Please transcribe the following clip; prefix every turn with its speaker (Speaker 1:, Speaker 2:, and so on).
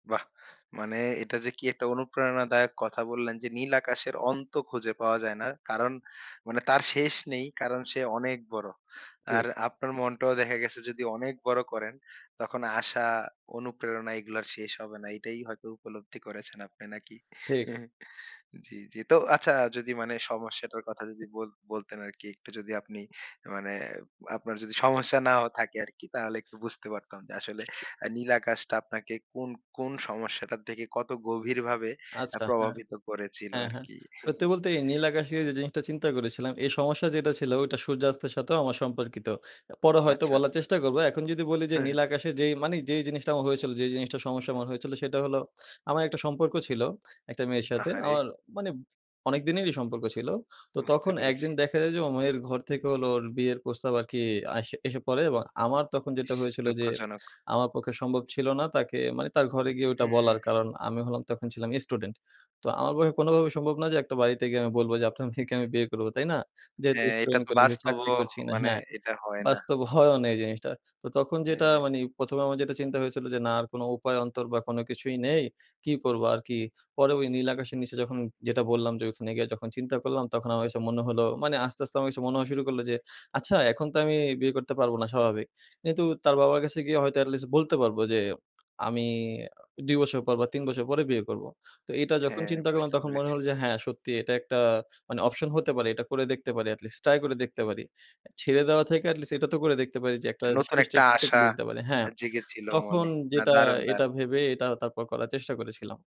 Speaker 1: বাহ! মানে এটা যে, কি একটা অনুপ্রেরণাদায়ক কথা বললেন যে, নীল আকাশের অন্ত খুঁজে পাওয়া যায় না। কারণ মানে তার শেষ নেই। কারণ সে অনেক বড়।
Speaker 2: ঠি
Speaker 1: আর আপনার মনটাও দেখা গেছে যদি অনেক বড় করেন, তখন আশা অনুপ্রেরণা এগুলো আর শেষ হবে না। এটাই হয়তো উপলব্ধি করেছেন আপনি নাকি?
Speaker 2: ঠিক।
Speaker 1: জ্বি, জ্বি। তো আচ্ছা যদি মানে সমস্যাটার কথা যদি বল বলতেন আরকি একটু যদি আপনি মানে আপনার যদি সমস্যা না থাকে আরকি, তাহলে একটু বুঝতে পারতাম যে, আসলে
Speaker 2: স স
Speaker 1: আ নীল আকাশটা আপনাকে কোন কোন সমস্যাটা থেকে কত গভীরভাবে আ
Speaker 2: আচ্ছা। হ্যাঁ,
Speaker 1: প্রভাবিত করেছিল
Speaker 2: হ্যাঁ, হ্যাঁ।
Speaker 1: আরকি?
Speaker 2: সত্যি বলতে এই নীল আকাশ যে, জিনিসটা চিন্তা করেছিলাম এই সমস্যা যেটা ছিল ওটা সূর্যাস্তের সাথেও আমার সম্পর্কিত। এ পরে হয়তো
Speaker 1: আচ্ছা,
Speaker 2: বলার
Speaker 1: আচ্ছা।
Speaker 2: চেষ্টা করব। এখন যদি বলি যে, নীল আকাশে যে, মানি যেই জিনিসটা আমার হয়েছিল, যে, জিনিসটার সমস্যা হয়েছিল সেটা হলো, আমার একটা সম্পর্ক ছিল একটা মেয়ের সাথে।
Speaker 1: আহারে!
Speaker 2: আমার মানি অনেক দিনেরই সম্পর্ক ছিল। তো
Speaker 1: বুঝতে
Speaker 2: তখন ১
Speaker 1: পেরেছি।
Speaker 2: দিন দেখা যায় যে, ওর মেয়ের ঘর থেকে হল ওর বিয়ের প্রস্তাব আরকি আস এসে পড়ে এবং আমার তখন যেটা
Speaker 1: ইস!
Speaker 2: হয়েছিল যে,
Speaker 1: দুঃখজনক।
Speaker 2: আমার পক্ষে সম্ভব ছিল না তাকে মানি তার ঘরে গিয়ে ওটা
Speaker 1: হুম।
Speaker 2: বলার। কারণ আমি হলাম তখন ছিলাম স্টুডেন্ট। তো আমার পক্ষে কোনোভাবেই সম্ভব না যে, একটা বাড়িতে গিয়ে আমি বলবো যে, আপনার মেয়েকে আমি বিয়ে করবো, তাই না? যেহেতু
Speaker 1: হ্যাঁ। এটা
Speaker 2: স্টুডেন্ট
Speaker 1: তো
Speaker 2: কলে চাকরি
Speaker 1: বাস্তবও
Speaker 2: করছি কিনা।
Speaker 1: মানে
Speaker 2: হ্যাঁ,
Speaker 1: এটা হয় না।
Speaker 2: বাস্তব হয়ও না এই জিনিসটা। তো তখন যেটা
Speaker 1: হ্যাঁ।
Speaker 2: মানি ১ম এ আমার যেটা চিন্তা হয়েছিল যে, না আর কোনো উপায় অন্তর বা কোনো কিছুই নেই। কি করবো আরকি। পরে ওই নীল আকাশের নিচে যখন যেটা বললাম যে, ওখানে গিয়ে যখন চিন্তা করলাম, তখন আমার মনে হলো মানি আস্তে, আস্তে আমার কাছে মনে হওয়া শুরু করলো যে, আচ্ছা এখন তো আমি বিয়ে করতে পারবো না, স্বাভাবিক। কিন্তু তার বাবার কাছে গিয়ে হয়তো এটলিস্ট বলতে পারবো যে, আমি অ ২ বছর পর বা ৩ বছর পরে বিয়ে করবো। তো এটা যখন
Speaker 1: হ্যাঁ,
Speaker 2: চিন্তা করলাম,
Speaker 1: বুঝতে
Speaker 2: তখন মনে
Speaker 1: পেরেছি।
Speaker 2: হলো যে, হ্যাঁ, সত্যি এটা একটা মানি অপশন হতে পারে। এটা করে দেখতে পারি এটলিস্ট। ট্রাই করে দেখতে পারি। এ ছেড়ে দেওয়া থেকে এটলিস্ট এটা তো করে দেখতে পারি যে, একটা
Speaker 1: নতুন
Speaker 2: শেষ
Speaker 1: একটা আশা
Speaker 2: চেষ্টতে পারি হ্যাঁ।
Speaker 1: এ জেগেছিল
Speaker 2: তখন
Speaker 1: মনে। না,
Speaker 2: যেটা
Speaker 1: দারুন,
Speaker 2: এটা
Speaker 1: দারুন।
Speaker 2: ভেবে এটা তারপর করার চেষ্টা করেছিলাম।